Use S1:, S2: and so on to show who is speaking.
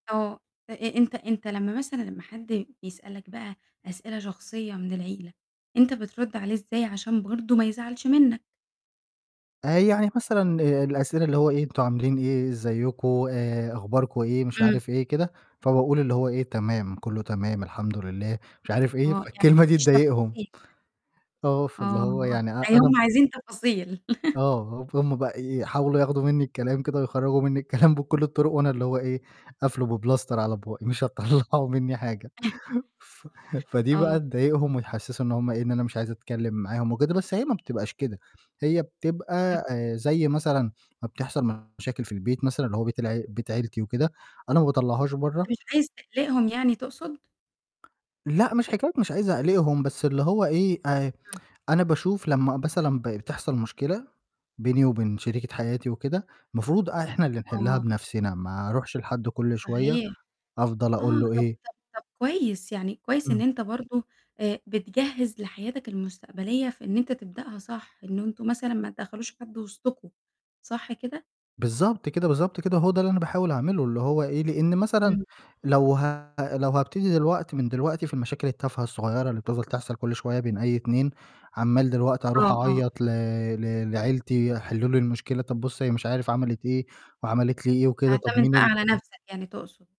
S1: آه. أ أ أنت أنت لمّا مثلًا لمّا حَد بيسألك بقى أسئلة شخصية من العيلة، أنت بترُدّ عليه إزاي عشان برضه ما يزعلش منك؟
S2: آآ، يعني مثلًا الأسئلة اللي هو إيه أنتم عاملين إيه، ازيكم، آآ أخباركم إيه؟ مش
S1: إمم.
S2: عارف إيه كده، فباقول اللي هو إيه تمام، كُلّه تمام، الحمد لله، مش عارف إيه.
S1: آه، يعني ما
S2: فالكلمة دي
S1: بتحكيش
S2: تضايقهم.
S1: تفاصيل.
S2: آه، فاللي
S1: آه،
S2: هو يعني أ
S1: يعني
S2: أنا
S1: هم
S2: م
S1: عايزين تفاصيل.
S2: آه، فهُم بقى يحاولوا ياخدوا مني الكلام كده ويخرّجوا مني الكلام بكُلّ الطرق وأنا اللي هو إيه، قافلُه بPlaster على بُقِّي مش هتطلّعوا مني حاجة.
S1: [unintelligible]
S2: ف فدي بقى
S1: آه.
S2: تضايقهم وتحسّسه إن هم إيه، إن أنا مش عايز أتكلم معاهم وكده، بس هي ما بتبقاش كده هي
S1: إمم.
S2: بتبقى آآ، زي مثلًا ما بتحصل مشاكل في البيت مثلًا اللي هو بيت الع بيت عيلتي وكده، أنا ما باطلّعهاش برّه.
S1: أنت مش عايز تقلِقهم يعني تقصد؟
S2: لأ، مش حكاية مش عايز أقلِقهم، بس اللي هو إيه أ
S1: إمم.
S2: أنا باشوف لمّا مثلًا ب بتحصل مشكلة بيني وبين شريكة حياتي وكده، المفروض إحنا اللي نحِلّها
S1: آه.
S2: بنَفْسنا، ما أرُوحش لحَد كُلّ شوية
S1: صحيح.
S2: أفضل
S1: آه،
S2: أقول له
S1: طَب
S2: إيه
S1: طَب طَب كويس. يعني كويس إن
S2: إمم.
S1: أنت برضه آآ، بتجهّز لحياتك المستقبلية في إن أنت تبدأها صح، إن أنتم مثلًا ما تدخّلوش حد وسطكم، صح كده؟
S2: بالضبط كده، بالضبط كده، هو ده اللي أنا باحاول أعملُه اللي هو إيه، لإن مثلًا
S1: إمم.
S2: لو ه لو هابتدي دلوقت من دلوقتي في المشاكل التافهة الصغيرة اللي بتفضل تحصل كُلّ شوية بين أي اتنين عمّال دلوقت هارُوح
S1: آه، آه.
S2: أعيط ل ل لعيلتي حلّوا لي المشكلة، طَب بُصّ هي مش عارف عَمَلِت إيه وعَمَلِت لي إيه وكده طَب
S1: تعتمد
S2: مين
S1: بقى
S2: ال
S1: على نَفْسك يعني تقصد.